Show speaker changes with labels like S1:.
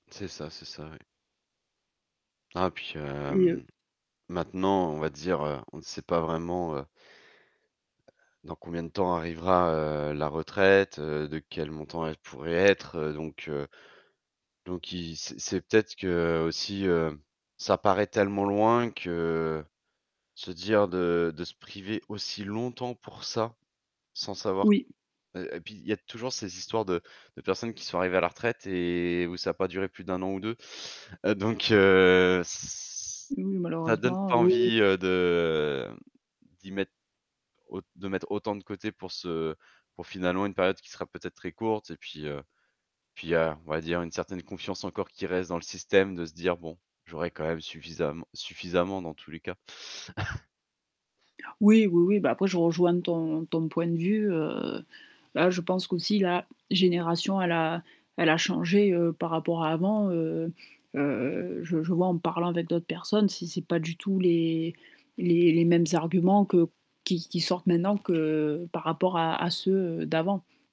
S1: C'est ça, c'est ça, oui. Ah puis,
S2: Et heu
S1: hem, maintenant, on va dire, heu, on sait pas vraiment, heu dans combien de temps arrivera, heu, la retraite, heu? De quel montant elle pourrait être, heu? Donc, heu, donc, i c'est c'est peut-être qu'aussi, heu, ça paraît tellement loin que se dire de de se priver aussi longtemps pour ça sans savoir
S2: Oui.
S1: et et puis, il y a toujours ces histoires de de personnes qui sont arrivées à la retraite et où ça a pas duré plus d'1 an ou 2. Donc, heu c
S2: Oui,
S1: ça donne
S2: malheureusement,
S1: pas
S2: oui, oui.
S1: envie, heu, de d'y mettre aut de mettre autant de côté pour ce pour finalement une période qui sera peut-être très courte. Et puis, heu, puis, il y a on va dire une certaine confiance encore qui reste dans le système de se dire bon, j'aurai quand même suffisa suffisamment dans tous les cas.
S2: Oui, oui, oui, bah après je rejoins ton ton point de vue, heu. Bah je pense qu'aussi la génération, elle a elle a changé, heu, par rapport à avant heu heu. Je je vois en parlant avec d'autres personnes si c'est pas du tout les les les mêmes arguments que qui qui sortent maintenant que par rapport à à ceux d'avant.